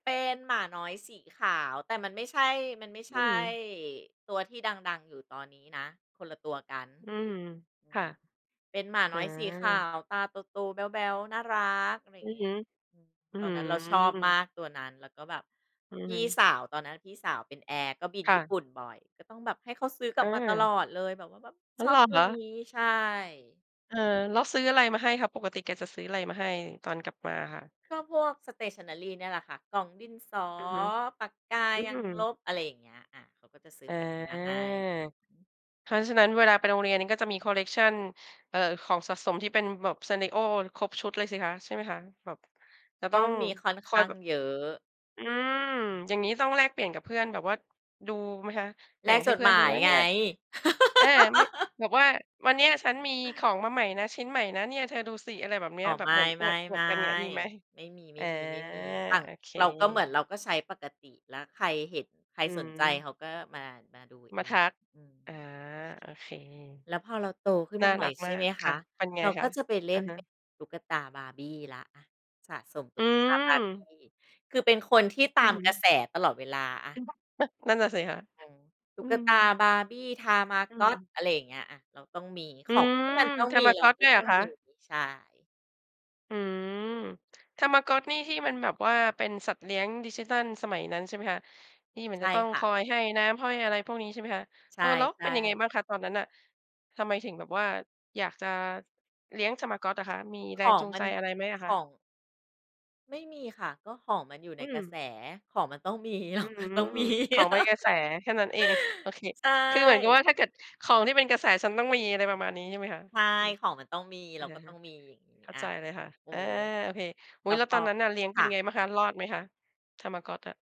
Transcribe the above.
เป็นหมาน้อยสีขาว แต่มันไม่ใช่ มันไม่ใอืช่ม ตัวที่ดัง ๆ อยู่ตอนนี้นะ คนละตัวกัน อืม อืค่ะ ม เป็นหมาอืน้อยสีขาม ว ตาโต ๆ แบ๊ว ๆ น่ารัก ออย่ืางองีฮ้ ึ อืม อื้อตอฮนืนั้นเราชอบมอ ากตัวนั้น แล้วก็แบบ อืพอฮี่ึ สาว ตอนนั้นพี่สาวเป็นแอร์ก็บินค่ญี่ะ ปุ่นบ่อย ก็ต้องแบบให้เขาซื้อกลอับมาตลา อดเลย แบบว่าแบบอะ ชอเหรบอตัควะ? นี้ ใช่ เออ แล้วซื้ออะไรมาให้คะ ปกติแกจะซื้ออะไรมาให้ตอนกลับมาค่ะ? ก็พวก Stationary แหละค่ะ กล่องดินสอ อือฮึ ปากกา อืยางลม บ อะไรอย่างเงี้ย อา เขาก็จะซื้ออา พวกนี้มาให้ อือฮึ เพราะฉะนั้นเวลาไปโรงเรียนก็จะมีคอลเลกชัน เอ่อ ของสะสมที่เป็นแบบ Sanrio ครบชุดเลยสิคะ ใช่ไหมคะ? แบบ จะกต้อ็งมีค่อนคข่อ้ยาแงบบ เยอะ อืม อือ อย่างงี้ต้องแลกเปลี่ยนกับเพื่อนแบบว่า ดูไหมคะ แแลบ่กงใหจ้ดเพื่หอมนดูายไหมเไนง ี่ย? อา ไม่ แบบว่าวันเนี้ยฉันมีของมาใหม่นะ ชิ้นใหม่นะเนี่ย เธอดูสิอะไรแบบนี้ อ๋อ แบไมบเหม่ ือๆ นอวด ๆ กันเนี่ย มีไหม? ๆ ไม่มอา ี ๆ ๆ อั่น โอเค เราก็เหมือนเราก็ใช้ปกติ แล้วใครเห็นใครอืสนใจเม ขาก็มา มาดูเมอาทง ัก อือา อ โอเค แล้วพอเราโตขึ้นน่มาาหน่รัอยกใชมา่ไกหมคค่ะ ะ เป็นไงเราคก็ะ? จะไปเลอ่ะนฮเป็ะ นตุ๊กตา Barbie แล้ว อะ สะสมตอุื๊กตา ม Barbie คือเป็นคนที่ตอาือมฮกระแึ สตลอดเวลาอเป็ะ นเพราะ อะ นั่นน่ะสิคะ อือ ตุอื๊กม ตา Barbie อืTamagot อ อะไรอย่างเงี้ย อา เราต้องมีอขืองที่มันม ต้องมีเราTamagot ก็ด้วยตเห้รอองคมี ะ? ใช่ อืม Tamagot นี่ที่มันแบบว่า เป็นสัตว์เลี้ยงดิจิทัลสมัยนั้นใช่มั้ยคะ? ที่มันใชจะ่ต้องค่คะ อยให้น้ำให้อะไรพวกนี้ใช่มั้ยคะ? ใชเออ แล้วเป็่ นยังไงๆ บ้างคะตอนนั้นน่ะ ทำไมถึงแบบว่าอยากจะเลี้ยง Tamagot อะคะ มีแขรงองจูงมัใจน อะไรไหมอะขคอะ? ง ไม่มีค่ะ ก็ของมันอยู่อในืกรม ะแสของมันต้อง มี ขอืองม ต้องมี ของเป็นกระแสแค่นั้นเอง โอเค ใชคือเหมือนกับว่า่ ถ้าเกิดของที่เป็นกระแสฉันต้องมีอะไรประมาณนี้ใช่ไหมคะ ใช่ อือ ของมันต้องมี อเระาก็ตฮ้ะ องมีอย่างงี้เข้าอ่ะ ใจเลยค่ะ เออ อา โอเค อุแ๊ล้ย วแล้พวตออ นนั้นน่ะเลี้ยงคเป็่นไะ งบ้างคะ? รอดไหมคะ? Tamagot อะ